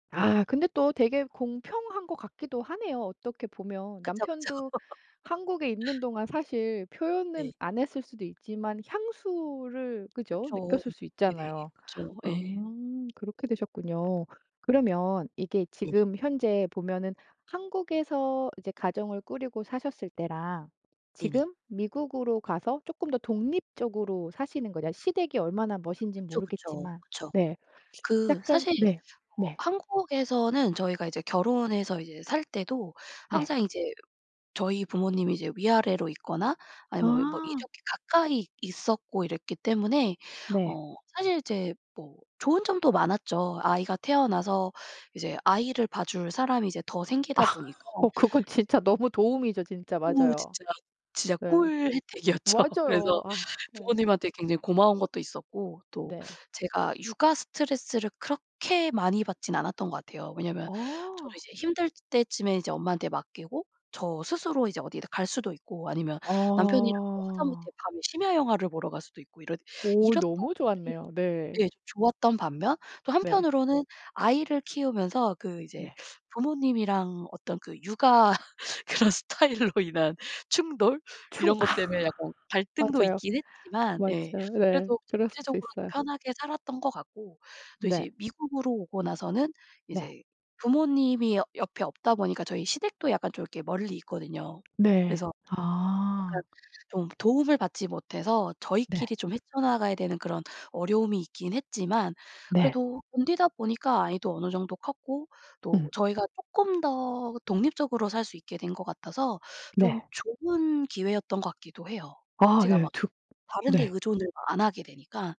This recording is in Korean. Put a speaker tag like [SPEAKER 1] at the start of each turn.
[SPEAKER 1] 아 근데 또 되게 공평한 것 같기도 하네요, 어떻게 보면.
[SPEAKER 2] 그쵸, 그쵸.
[SPEAKER 1] 남편도 한국에 있는 동안 사실
[SPEAKER 2] 네.
[SPEAKER 1] 표현은 안 했을 수도 있지만 향수를 그죠.
[SPEAKER 2] 그쵸.
[SPEAKER 1] 느꼈을 수
[SPEAKER 2] 네네.
[SPEAKER 1] 있잖아요.
[SPEAKER 2] 그쵸.
[SPEAKER 1] 아
[SPEAKER 2] 예.
[SPEAKER 1] 그렇게 되셨군요. 그러면 이게
[SPEAKER 2] 네.
[SPEAKER 1] 지금 현재 보면은 한국에서 이제 가정을 꾸리고 사셨을 때랑
[SPEAKER 2] 네네.
[SPEAKER 1] 지금 미국으로 가서 쪼끔 더 독립적으로 사시는 거랑 시댁이 얼마나 머신진
[SPEAKER 2] 그쵸, 그쵸,
[SPEAKER 1] 모르겠지만
[SPEAKER 2] 그쵸.
[SPEAKER 1] 네.
[SPEAKER 2] 그
[SPEAKER 1] 약간
[SPEAKER 2] 사실
[SPEAKER 1] 네
[SPEAKER 2] 어
[SPEAKER 1] 네.
[SPEAKER 2] 한국에서는 저희가 이제 결혼해서 이제 살 때도
[SPEAKER 1] 네.
[SPEAKER 2] 항상 이제 저희 부모님이 이제 위아래로 있거나 아니면 뭐
[SPEAKER 1] 아.
[SPEAKER 2] 이렇게 가까이 있었고 이랬기 때문에
[SPEAKER 1] 네.
[SPEAKER 2] 어 사실 이제 뭐 좋은 점도 많았죠. 아이가 태어나서 이제 아이를 봐줄 사람이 이제 더
[SPEAKER 1] 아
[SPEAKER 2] 생기다 보니까
[SPEAKER 1] 어 그건 진짜 너무 도움이죠. 진짜
[SPEAKER 2] 오
[SPEAKER 1] 맞아요.
[SPEAKER 2] 진짜, 진짜
[SPEAKER 1] 네.
[SPEAKER 2] 꿀 혜택이었죠.
[SPEAKER 1] 맞아요.
[SPEAKER 2] 그래서
[SPEAKER 1] 아 네.
[SPEAKER 2] 부모님한테 굉장히 고마운 것도 있었고, 또
[SPEAKER 1] 네.
[SPEAKER 2] 제가 육아 스트레스를 그렇게 많이 받진 않았던 것 같아요. 왜냐하면 저도
[SPEAKER 1] 아.
[SPEAKER 2] 이제 힘들 때쯤에 이제 엄마한테 맡기고 저 스스로 이제 어디를 갈 수도 있고 아니면 남편이랑 뭐 하다못해
[SPEAKER 1] 아.
[SPEAKER 2] 밤에 심야영화를 보러 갈 수도 있고 이랬
[SPEAKER 1] 오
[SPEAKER 2] 이랬던
[SPEAKER 1] 너무
[SPEAKER 2] 것들이
[SPEAKER 1] 좋았네요. 네.
[SPEAKER 2] 예 좋았던 반면 또
[SPEAKER 1] 네.
[SPEAKER 2] 한편으로는 아이를 키우면서 그 이제
[SPEAKER 1] 네.
[SPEAKER 2] 부모님이랑 어떤 그 육아 그런 스타일로 인한 충돌
[SPEAKER 1] 충
[SPEAKER 2] 이런 것
[SPEAKER 1] 아.
[SPEAKER 2] 때문에 약간 갈등도
[SPEAKER 1] 맞아요,
[SPEAKER 2] 있긴 했지만 예
[SPEAKER 1] 맞아요. 네.
[SPEAKER 2] 그래도
[SPEAKER 1] 그러실 수
[SPEAKER 2] 대체적으로 좀
[SPEAKER 1] 있어요.
[SPEAKER 2] 편하게 살았던 것 같고, 또
[SPEAKER 1] 네.
[SPEAKER 2] 이제 미국으로 오고 나서는
[SPEAKER 1] 네.
[SPEAKER 2] 이제 부모님이 여 옆에 없다 보니까 저희 시댁도 약간 좀 이렇게 멀리 있거든요.
[SPEAKER 1] 네.
[SPEAKER 2] 그래서 약간
[SPEAKER 1] 아.
[SPEAKER 2] 좀 도움을 받지 못해서
[SPEAKER 1] 네.
[SPEAKER 2] 저희끼리 좀 헤쳐나가야 되는 그런 어려움이 있긴 했지만
[SPEAKER 1] 네.
[SPEAKER 2] 그래도 견디다 보니까 아이도 어느 정도 컸고 또
[SPEAKER 1] 음.
[SPEAKER 2] 저희가 쪼끔 더 독립적으로 살 수 있게 된 것 같아서 좀
[SPEAKER 1] 네.
[SPEAKER 2] 좋은 기회였던 것 같기도 해요.
[SPEAKER 1] 아
[SPEAKER 2] 제가
[SPEAKER 1] 예.
[SPEAKER 2] 막
[SPEAKER 1] 득
[SPEAKER 2] 다른 데
[SPEAKER 1] 네.
[SPEAKER 2] 의존을 안 하게 되니까.